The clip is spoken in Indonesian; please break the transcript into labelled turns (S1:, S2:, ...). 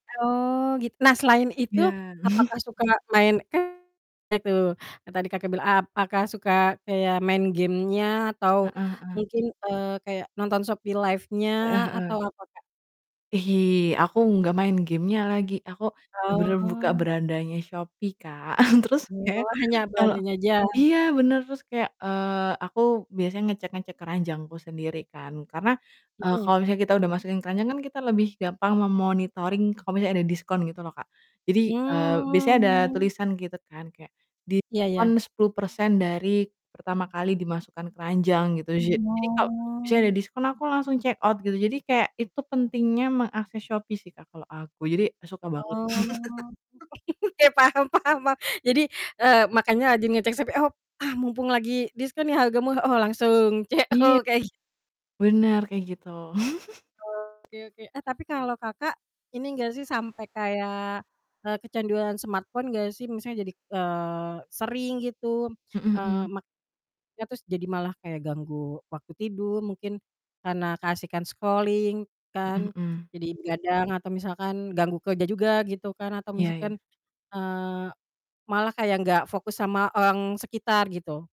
S1: Oh, git nah, selain itu
S2: Ya.
S1: apakah suka main kan banyak tuh, yang tadi Kakak bilang, apakah suka kayak main game-nya, atau
S2: Heeh heeh.
S1: mungkin, eee, kayak nonton Shopee
S2: Heeh
S1: Live-nya,
S2: heeh.
S1: atau apa, Kak?
S2: Ih, aku nggak main game-nya lagi, aku bener-bener buka
S1: Oh.
S2: berandanya Shopee, Kak, terus kayak,
S1: Oh, hanya
S2: kalo
S1: belanjanya aja?
S2: iya, bener, terus kayak, eee, aku biasanya ngecek-ngecek keranjangku sendiri kan, karena, eee,
S1: Mhm.
S2: kalau misalnya kita udah masukin keranjang kan, kita lebih gampang me-monitoring kalau misalnya ada diskon, gitu loh, Kak, jadi, eee, biasanya ada
S1: Mmm.
S2: tulisan gitu kan, kayak
S1: Iya iya.
S2: diskon 10% dari pertama kali dimasukkan keranjang, gitu. Ja jadi kalau misalnya ada
S1: Oh.
S2: diskon, aku langsung check out gitu, jadi kayak itu pentingnya mengakses Shopee sih, Kak, kalau aku, jadi suka banget.
S1: Oh. Ya, paham paham paham. Jadi, eee, makanya lagi ngecek Shopee, op "Ah, mumpung lagi diskon nih, harga murah, oh langsung
S2: Iya.
S1: CO," kayak gi
S2: Bener, kayak gitu.
S1: Oke oke, eh, tapi kalau Kakak, ini enggak sih, sampai kayak, eee, kecanduan smartphone enggak sih? Misalnya jadi, eee, sering gitu,
S2: Mhm
S1: eee,
S2: mhm.
S1: mak ya terus jadi malah kayak ganggu waktu tidur mungkin, karena keasikan scrolling
S2: Mhm
S1: kan,
S2: mhm.
S1: jadi begadang atau misalkan ganggu kerja juga, gitu kan, atau
S2: Iya iya.
S1: misalkan, eee, malah kayak nggak fokus sama orang sekitar, gitu?